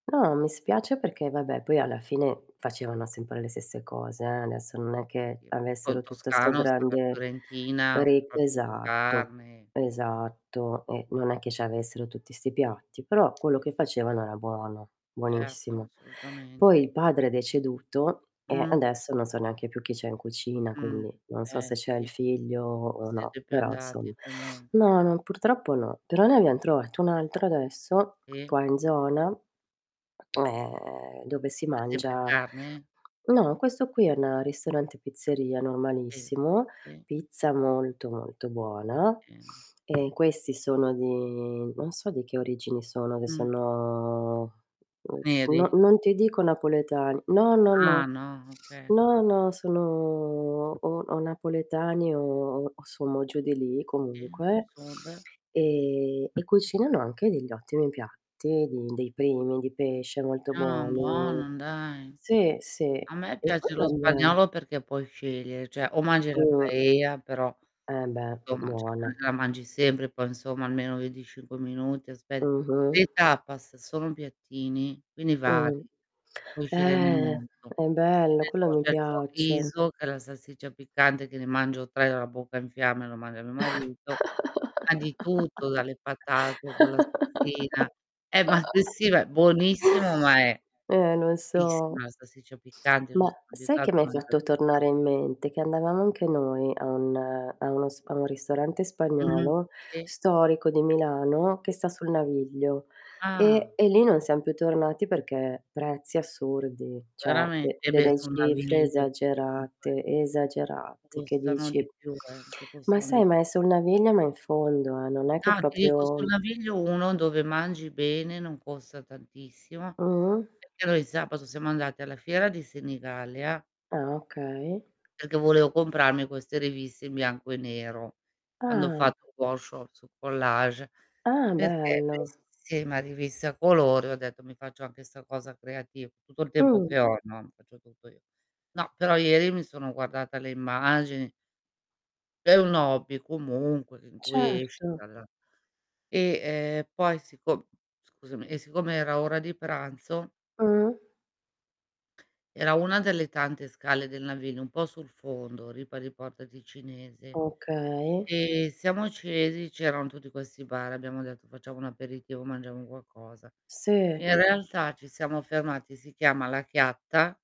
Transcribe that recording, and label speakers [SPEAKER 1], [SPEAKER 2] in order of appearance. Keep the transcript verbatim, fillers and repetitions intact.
[SPEAKER 1] No, mi spiace perché vabbè poi alla fine facevano sempre le stesse cose, eh, adesso non è che
[SPEAKER 2] [unintelligible] po' in
[SPEAKER 1] avessero tutto sto
[SPEAKER 2] toscano [unintelligible] la
[SPEAKER 1] grande
[SPEAKER 2] fiorentina,
[SPEAKER 1] rip
[SPEAKER 2] soprattutto
[SPEAKER 1] esatto,
[SPEAKER 2] carne.
[SPEAKER 1] esatto e non è che ci avessero tutti 'sti piatti, però quello che facevano era buono,
[SPEAKER 2] Certo,
[SPEAKER 1] buonissimo.
[SPEAKER 2] assolutamente.
[SPEAKER 1] Poi il padre è deceduto e
[SPEAKER 2] Mh.
[SPEAKER 1] adesso non so neanche più chi c'è in cucina,
[SPEAKER 2] Mh,
[SPEAKER 1] quindi non so
[SPEAKER 2] eh
[SPEAKER 1] se c'è
[SPEAKER 2] sì.
[SPEAKER 1] il
[SPEAKER 2] N
[SPEAKER 1] figlio o no,
[SPEAKER 2] siete più
[SPEAKER 1] però
[SPEAKER 2] andati
[SPEAKER 1] insom
[SPEAKER 2] comu
[SPEAKER 1] no, no, purtroppo no. Però ne abbiam trovato un altro adesso
[SPEAKER 2] Sì.
[SPEAKER 1] qua in zona mhmm, ehm, dove si
[SPEAKER 2] Ma sempre
[SPEAKER 1] mangia
[SPEAKER 2] carne?
[SPEAKER 1] no questo qui è una ristorante pizzeria
[SPEAKER 2] Sì,
[SPEAKER 1] normalissimo,
[SPEAKER 2] sì.
[SPEAKER 1] pizza molto, molto buona
[SPEAKER 2] Bene.
[SPEAKER 1] e questi sono di non so di che origini sono, che
[SPEAKER 2] Mh.
[SPEAKER 1] sono, mhmm,
[SPEAKER 2] Neri.
[SPEAKER 1] no non ti dico napoletani no, no, no.
[SPEAKER 2] Ah no, oka
[SPEAKER 1] No, no sono o o napoletani o o sommo giù di lì comunque
[SPEAKER 2] [unintelligible]
[SPEAKER 1] e e cucinano anche degl'ottimi piatti, di dei primi di pesce molto
[SPEAKER 2] Ah,
[SPEAKER 1] buoni.
[SPEAKER 2] buono dai.
[SPEAKER 1] Sì, sì.
[SPEAKER 2] A me
[SPEAKER 1] E poi
[SPEAKER 2] piace lo
[SPEAKER 1] vabbè
[SPEAKER 2] spagnolo perché puoi scegliere, cioè o mangi la
[SPEAKER 1] Mh.
[SPEAKER 2] paella però,
[SPEAKER 1] Eh beh,
[SPEAKER 2] somma ceh
[SPEAKER 1] buona.
[SPEAKER 2] l la mangi sempre, poi insomma almeno venticinque minuti aspe
[SPEAKER 1] Mh-mh.
[SPEAKER 2] le tapas sono piattini, quindi vari,
[SPEAKER 1] Mh.
[SPEAKER 2] puoi sceglierne un
[SPEAKER 1] Eh,
[SPEAKER 2] mondo.
[SPEAKER 1] è
[SPEAKER 2] Che
[SPEAKER 1] bello,
[SPEAKER 2] ne
[SPEAKER 1] quello
[SPEAKER 2] so,
[SPEAKER 1] mi
[SPEAKER 2] c'è il
[SPEAKER 1] piace.
[SPEAKER 2] chorizo, che è la salsiccia piccante, che ne mangio tre e ho la bocca in fiamme e lo mandi a mio marito ma di tutto, dalle patate con la salsina eh, ma s sì, va buonissimo ma è
[SPEAKER 1] Eh, lo so.
[SPEAKER 2] fortissima la salsiccia piccante, io non
[SPEAKER 1] Ma
[SPEAKER 2] sono
[SPEAKER 1] sai che
[SPEAKER 2] abituata a
[SPEAKER 1] m'hai
[SPEAKER 2] mangiar
[SPEAKER 1] fatto
[SPEAKER 2] picca
[SPEAKER 1] tornare in mente? Che andavamo anche noi a un a uno s a un ristorante
[SPEAKER 2] Mh,
[SPEAKER 1] spagnolo
[SPEAKER 2] sì.
[SPEAKER 1] storico di Milano,
[SPEAKER 2] Si.
[SPEAKER 1] che sta sul naviglio
[SPEAKER 2] Ah
[SPEAKER 1] e e lì non siam
[SPEAKER 2] [unintelligible]
[SPEAKER 1] più tornati perché prezzi assurdi, ceh
[SPEAKER 2] Verame
[SPEAKER 1] de
[SPEAKER 2] eh beh,
[SPEAKER 1] delle
[SPEAKER 2] sul
[SPEAKER 1] cifre
[SPEAKER 2] naviglio, comunque
[SPEAKER 1] esagerate, esagerate che
[SPEAKER 2] Costano di
[SPEAKER 1] dici
[SPEAKER 2] più eh, che
[SPEAKER 1] ma
[SPEAKER 2] costano di
[SPEAKER 1] sai
[SPEAKER 2] p
[SPEAKER 1] ma è sul naviglio ma in fondo, eh, non è che
[SPEAKER 2] Ah, ti dico, sul
[SPEAKER 1] propio
[SPEAKER 2] naviglio uno dove mangi bene non costa tantissimo.
[SPEAKER 1] Mh.
[SPEAKER 2] Perché noi il sabato siamo andati alla fiera di Senigallia
[SPEAKER 1] Ah okay.
[SPEAKER 2] perché volevo comprarmi queste riviste in bianco e nero, quando ho
[SPEAKER 1] Ah.
[SPEAKER 2] fatto workshop su collage,
[SPEAKER 1] Ah,
[SPEAKER 2] perché me
[SPEAKER 1] bello.
[SPEAKER 2] sì, ma riviste a colori ho detto: "Mi faccio anche 'sta cosa creativ" tutto il tempo
[SPEAKER 1] Mh.
[SPEAKER 2] che ho, no, faccio tutto io. No, però ieri mi sono guardata le immagini È un hobby comunque in cui esci
[SPEAKER 1] Certo.
[SPEAKER 2] dalla e, ehm, poi siccom scusami e siccome era ora di pranzo
[SPEAKER 1] Mh.
[SPEAKER 2] era una delle tante scale del navino un po' sul fondo, Ripa di Porta Ticinese
[SPEAKER 1] Okay.
[SPEAKER 2] e siamo scesi, c'eran tutti questi bar, abbiamo detto: "Facciamo un aperitivo, mangiamo qualcosa".
[SPEAKER 1] Sì.
[SPEAKER 2] In realtà ci siamo fermati, si chiama La Chiatta